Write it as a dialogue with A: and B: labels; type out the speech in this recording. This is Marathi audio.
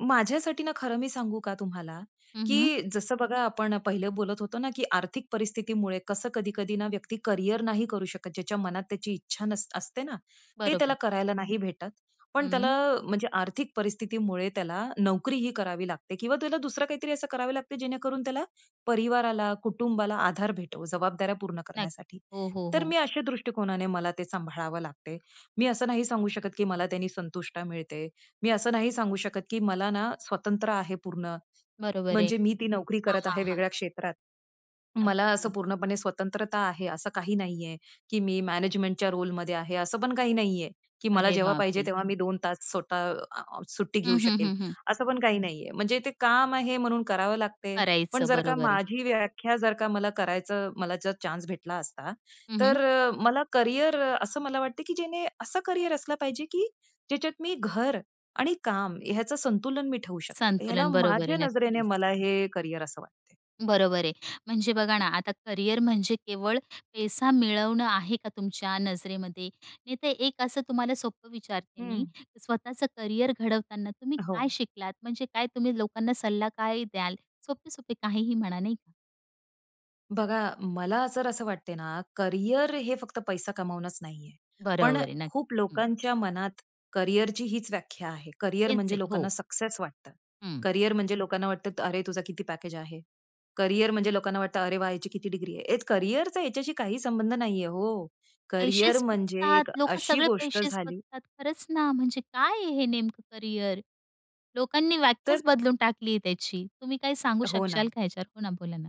A: माझ्यासाठी ना खरं मी सांगू का तुम्हाला
B: हं, हं.
A: की जसं बघा आपण पहिलं बोलत होतो ना, की आर्थिक परिस्थितीमुळे कसं कधी-कधी ना व्यक्ती करिअर नाही करू शकत. ज्याच्या मनात त्याची इच्छा नस असते ना ते
B: बरोबर
A: त्याला
B: आहे.
A: करायला नाही भेटत. पण त्याला
B: हं.
A: म्हणजे आर्थिक परिस्थितीमुळे त्याला नोकरीही करावी लागते. किंवा तुला दुसरं काहीतरी असं करावं लागते जेणेकरून त्याला, परिवाराला, कुटुंबाला आधार भेटेल जबाबदाऱ्या पूर्ण
B: नक्की.
A: करण्यासाठी.
B: हो, हो,
A: तर
B: हो.
A: मी अशा दृष्टिकोनाने मला ते सांभाळावं लागते. मी असं नाही सांगू शकत, की मला त्यांनी संतुष्टी मिळते. मी असं नाही सांगू शकत, की मला ना स्वातंत्र्य आहे पूर्ण.
B: बरोबर आहे.
A: म्हणजे मी ती नोकरी
B: हां,
A: करत
B: हां,
A: आहे
B: हां.
A: वेगळ्या क्षेत्रात. मला असं
B: नक्की.
A: पूर्णपणे स्वतंत्रता आहे असं काही नाहीये, की मी मॅनेजमेंटच्या रोलमध्ये आहे असं पण काही नाहीये की मला
B: अरे,
A: जेव्हा पाहिजे
B: बापरे!
A: तेव्हा मी 2 तास स्वतः अ, आ, सुट्टी घेऊ
B: हं, हं,
A: शकेल.
B: हं, हं.
A: असं पण काही नाहीये. म्हणजे ते काम आहे, म्हणून करावं लागते. पण
B: करायचं.
A: जर का
B: बरोबर आहे.
A: माझी व्याख्या, जर का मला करायचं, मला जर चान्स भेटला असता.
B: हं, हं.
A: तर अ, मला करिअर अ, असं मला वाटत, की ज्याने असं करिअर असलं पाहिजे, की ज्याच्यात मी घर आणि काम ह्याचं संतुलन मी ठेवू शकेल. ह्याला
B: संतुलन बरोबर आहे.
A: माझ्या नजरेने
B: नक्कीच.
A: मला हे करिअर असं वाटत आहे.
B: बरोबर आहे. म्हणजे, बघा ना. आता करिअर म्हणजे, केवळ पैसा मिळवणं आहे का तुमच्या नजरेमध्ये? नाहीतर एक असं तुम्हाला सोपं विचारते मी,
A: हं.
B: स्वतःच करिअर घडवताना तुम्ही काय
A: हो.
B: शिकलात? म्हणजे काय तुम्ही लोकांना सल्ला काय द्याल? सोपे-सोपे काहीही म्हणा नाही का?
A: बघा, मला जर असं वाटत ना, करिअर हे फक्त पैसा कमवणचं नाहीये पण
B: बरोबर
A: अ,
B: आहे.
A: खूप
B: नक्की. हं.
A: लोकांच्या मनात, करिअरची हीच व्याख्या आहे. करिअर
B: तेच
A: म्हणजे
B: आहे.
A: लोकांना
B: हो.
A: सक्सेस वाटतं,
B: हं.
A: करिअर म्हणजे लोकांना वाटतं, "अरे, तुझा किती पॅकेज आहे?" करिअर म्हणजे लोकांना वाटतं, "अरे वाह! याची किती डिग्री आहे?" एक करिअरचा ह्याच्याशी काही संबंध नाहीये. हो. करिअर
B: पैसेच
A: म्हणजे
B: बघतात,
A: एक
B: लोकं
A: अशी
B: सगळे
A: गोष्ट
B: पैसेच
A: झाली
B: बघतात. खरंच ना. म्हणजे काय हे नेमकं करिअर. लोकांनी
A: तर
B: व्याख्याच बदलून टाकली आहे त्याची. तुम्ही काय सांगू
A: हो
B: शकाल
A: ना.
B: का ह्याच्यावर? हो ना. बोला ना.